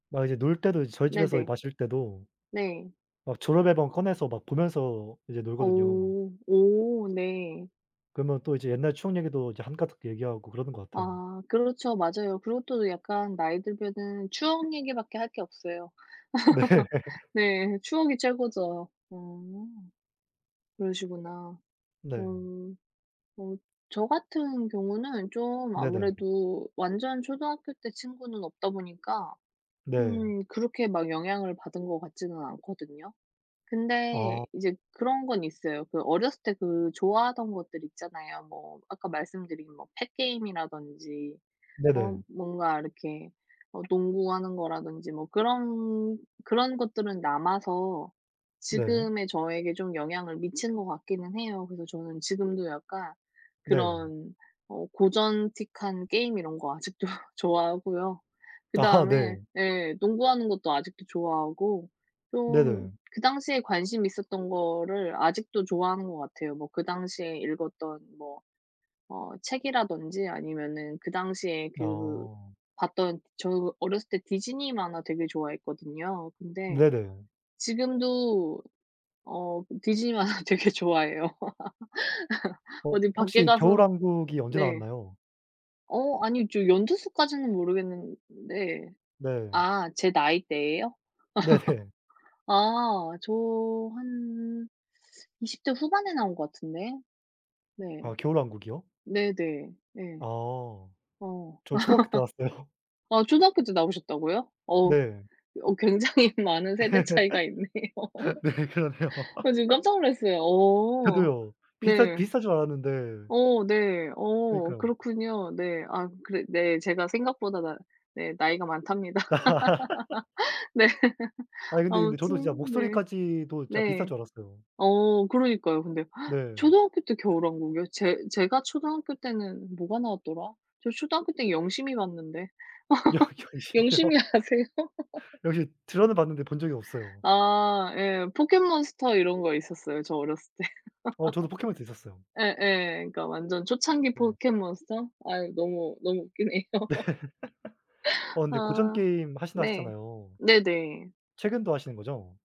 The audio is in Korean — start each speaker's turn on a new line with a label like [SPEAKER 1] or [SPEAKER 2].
[SPEAKER 1] 막 이제 놀 때도 이제 저희 집에서
[SPEAKER 2] 네네.
[SPEAKER 1] 마실 때도
[SPEAKER 2] 네.
[SPEAKER 1] 막 졸업 앨범 꺼내서 막 보면서 이제
[SPEAKER 2] 어.
[SPEAKER 1] 놀거든요.
[SPEAKER 2] 오 네.
[SPEAKER 1] 그러면 또 이제 옛날 추억 얘기도 이제 한가득 얘기하고 그러는 것 같아요.
[SPEAKER 2] 아 그렇죠. 맞아요. 그것도 약간 나이 들면은 추억 얘기밖에 할 게 없어요.
[SPEAKER 1] 네.
[SPEAKER 2] 네. 추억이 최고죠. 어. 그러시구나.
[SPEAKER 1] 네.
[SPEAKER 2] 음. 어 저 같은 경우는 좀
[SPEAKER 1] 네네.
[SPEAKER 2] 아무래도 완전 초등학교 때 친구는 없다 보니까
[SPEAKER 1] 네.
[SPEAKER 2] 음 그렇게 막 영향을 받은 것 같지는 않거든요. 근데
[SPEAKER 1] 어.
[SPEAKER 2] 이제 그런 건 있어요. 그 어렸을 때 그 좋아하던 것들 있잖아요. 뭐 아까 말씀드린 뭐 펫 게임이라든지 어
[SPEAKER 1] 네네.
[SPEAKER 2] 뭔가 이렇게 어 농구하는 거라든지 뭐 그런 그런 것들은 남아서
[SPEAKER 1] 네.
[SPEAKER 2] 지금의 저에게 좀 영향을 미치는 것 같기는 해요. 그래서 저는 지금도 약간
[SPEAKER 1] 네.
[SPEAKER 2] 그런 어 고전틱한 게임 이런 거 아직도 좋아하고요.
[SPEAKER 1] 아하
[SPEAKER 2] 그다음에
[SPEAKER 1] 네.
[SPEAKER 2] 예 농구하는 것도 아직도 좋아하고
[SPEAKER 1] 네네.
[SPEAKER 2] 좀 그 당시에 관심 있었던 거를 아직도 좋아하는 것 같아요. 뭐 그 당시에 읽었던 뭐 어 책이라든지 아니면은 그 당시에 그
[SPEAKER 1] 아.
[SPEAKER 2] 봤던 저 어렸을 때 디즈니 만화 되게 좋아했거든요. 근데
[SPEAKER 1] 네네.
[SPEAKER 2] 지금도 어 디즈니 만화 되게 좋아해요.
[SPEAKER 1] 어
[SPEAKER 2] 어디 밖에
[SPEAKER 1] 혹시
[SPEAKER 2] 가서
[SPEAKER 1] 겨울왕국이 언제
[SPEAKER 2] 네.
[SPEAKER 1] 나왔나요?
[SPEAKER 2] 어 아니 저 연도 수까지는 모르겠는데
[SPEAKER 1] 네.
[SPEAKER 2] 아 제 나이대에요?
[SPEAKER 1] 네헤.
[SPEAKER 2] 아 저 한 20 대 후반에 나온 것 같은데 네.
[SPEAKER 1] 아 겨울왕국이요?
[SPEAKER 2] 네네. 네.
[SPEAKER 1] 아.
[SPEAKER 2] 어.
[SPEAKER 1] 저 초등학교 때 나왔어요.
[SPEAKER 2] 아 초등학교 때 나오셨다고요? 어
[SPEAKER 1] 네.
[SPEAKER 2] 어 굉장히 많은 세대 차이가 있네요.
[SPEAKER 1] 네 그러네요.
[SPEAKER 2] 아 지금 깜짝 놀랐어요. 어.
[SPEAKER 1] 저도요. 비슷한
[SPEAKER 2] 네.
[SPEAKER 1] 비슷한 줄 알았는데
[SPEAKER 2] 어 네. 어
[SPEAKER 1] 그러니까요.
[SPEAKER 2] 그렇군요. 네. 아 그리 네 제가 생각보다 나 네 나이가 많답니다. 네.
[SPEAKER 1] 아니 근데, 근데 저도 진짜
[SPEAKER 2] 아무튼 네.
[SPEAKER 1] 목소리까지도 진짜 비슷할
[SPEAKER 2] 네.
[SPEAKER 1] 줄 알았어요.
[SPEAKER 2] 어 그러니까요. 근데
[SPEAKER 1] 네.
[SPEAKER 2] 초등학교 때 겨울왕국이요? 제 제가 초등학교 때는 뭐가 나왔더라. 저 초등학교 때 영심이 봤는데.
[SPEAKER 1] 영 영심이요?
[SPEAKER 2] 영심이 아세요?
[SPEAKER 1] 영심이 들어는 봤는데 본 적이 없어요.
[SPEAKER 2] 아 예. 포켓몬스터 이런 거 있었어요 저 어렸을 때.
[SPEAKER 1] 어 저도 포켓몬스터 있었어요.
[SPEAKER 2] 예예. 그러니까 완전 초창기
[SPEAKER 1] 네.
[SPEAKER 2] 포켓몬스터. 아 너무, 너무 웃기네요.
[SPEAKER 1] 네. 어 근데 고전
[SPEAKER 2] 아
[SPEAKER 1] 게임 하신다
[SPEAKER 2] 네.
[SPEAKER 1] 하셨잖아요.
[SPEAKER 2] 네네.
[SPEAKER 1] 최근도 하시는 거죠?